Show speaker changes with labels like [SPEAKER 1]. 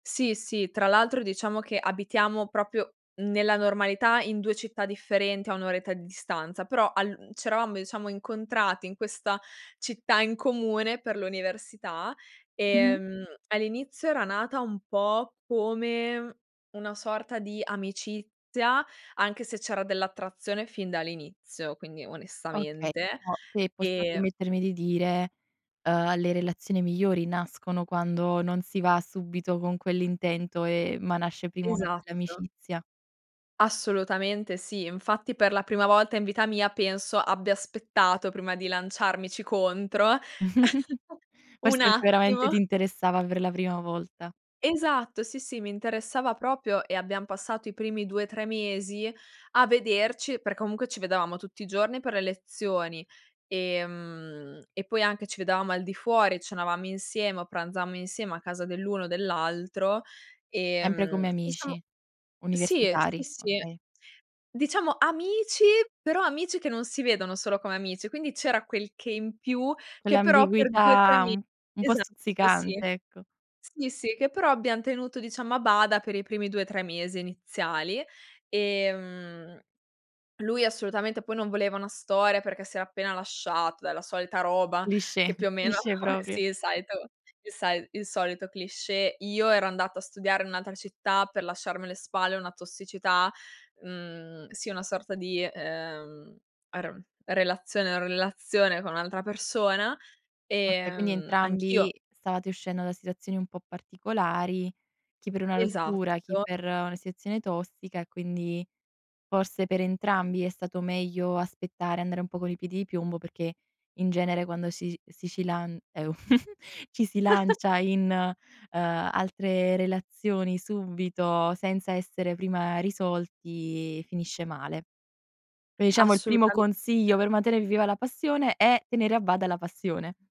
[SPEAKER 1] Sì, sì, tra l'altro diciamo che abitiamo proprio nella normalità in 2 città differenti a 1 oretta di distanza. Però al uhm, c'eravamo diciamo incontrati in questa città in comune per l'università.
[SPEAKER 2] Mh-mh.
[SPEAKER 1] Ehm, all'inizio era nata un po' come una sorta di amicizia, anche se c'era dell'attrazione fin dall'inizio, quindi
[SPEAKER 2] Okay,
[SPEAKER 1] onestamente,
[SPEAKER 2] però se posso
[SPEAKER 1] ehm
[SPEAKER 2] permettermi di dire, ehm, le relazioni migliori nascono quando non si va subito con quell'intento e ma nasce prima una bella
[SPEAKER 1] Esatto.
[SPEAKER 2] amicizia.
[SPEAKER 1] Assolutamente sì. Infatti per la prima volta in vita mia penso abbia aspettato prima di lanciarmici contro,
[SPEAKER 2] Forse
[SPEAKER 1] un
[SPEAKER 2] perché veramente
[SPEAKER 1] attimo.
[SPEAKER 2] ti interessava per la prima volta.
[SPEAKER 1] Esatto, sì sì, mi interessava proprio, e abbiam passato i primi 2, 3 mesi a vederci per comunque ci vedevamo tutti i giorni per le lezioni, ehm, e poi anche ci vedevamo al di fuori, cenavamo insieme o pranzammo insieme a casa dell'uno o dell'altro.
[SPEAKER 2] Sempre come
[SPEAKER 1] Ehm,
[SPEAKER 2] amici?
[SPEAKER 1] diciamo sì, sì,
[SPEAKER 2] Universitari?
[SPEAKER 1] sì.
[SPEAKER 2] Okay.
[SPEAKER 1] Diciamo amici, però amici che non si vedono solo come amici, quindi c'era quel che in più che però per 2, 3
[SPEAKER 2] Quell'ambiguità
[SPEAKER 1] me
[SPEAKER 2] un un po'
[SPEAKER 1] esatto, sì.
[SPEAKER 2] stuzzicante, ecco.
[SPEAKER 1] Sì, sì, che però abbiam tenuto diciamo a bada per i primi 2, 3 mesi iniziali. Ehm, lui assolutamente poi non voleva una storia perché si era appena lasciato, è la solita roba
[SPEAKER 2] Cliché.
[SPEAKER 1] che più o meno
[SPEAKER 2] Cliché proprio.
[SPEAKER 1] sì, il solito il sai il solito cliché. Io ero andata a studiare in un'altra città per lasciarmi alle spalle una tossicità mhmm, sì, una sorta di, ehm, aron relazione o relazione con un'altra persona.
[SPEAKER 2] Okay, quindi
[SPEAKER 1] Ehm,
[SPEAKER 2] entrambi
[SPEAKER 1] anch'io
[SPEAKER 2] stavate uscendo da situazioni un po' particolari, chi per una rottura, chi
[SPEAKER 1] Esatto.
[SPEAKER 2] per una sezione tossica e quindi forse per entrambi è stato meglio aspettare, andare un po' con i piedi di piombo perché in genere quando si is si ci lan eu ci si lancia in, ehm, altre relazioni subito, senza essere prima risolti, finisce male. Pe diciamo il primo
[SPEAKER 1] Assolutamente.
[SPEAKER 2] consiglio per mantenere viva la passione è tenere a bada la passione.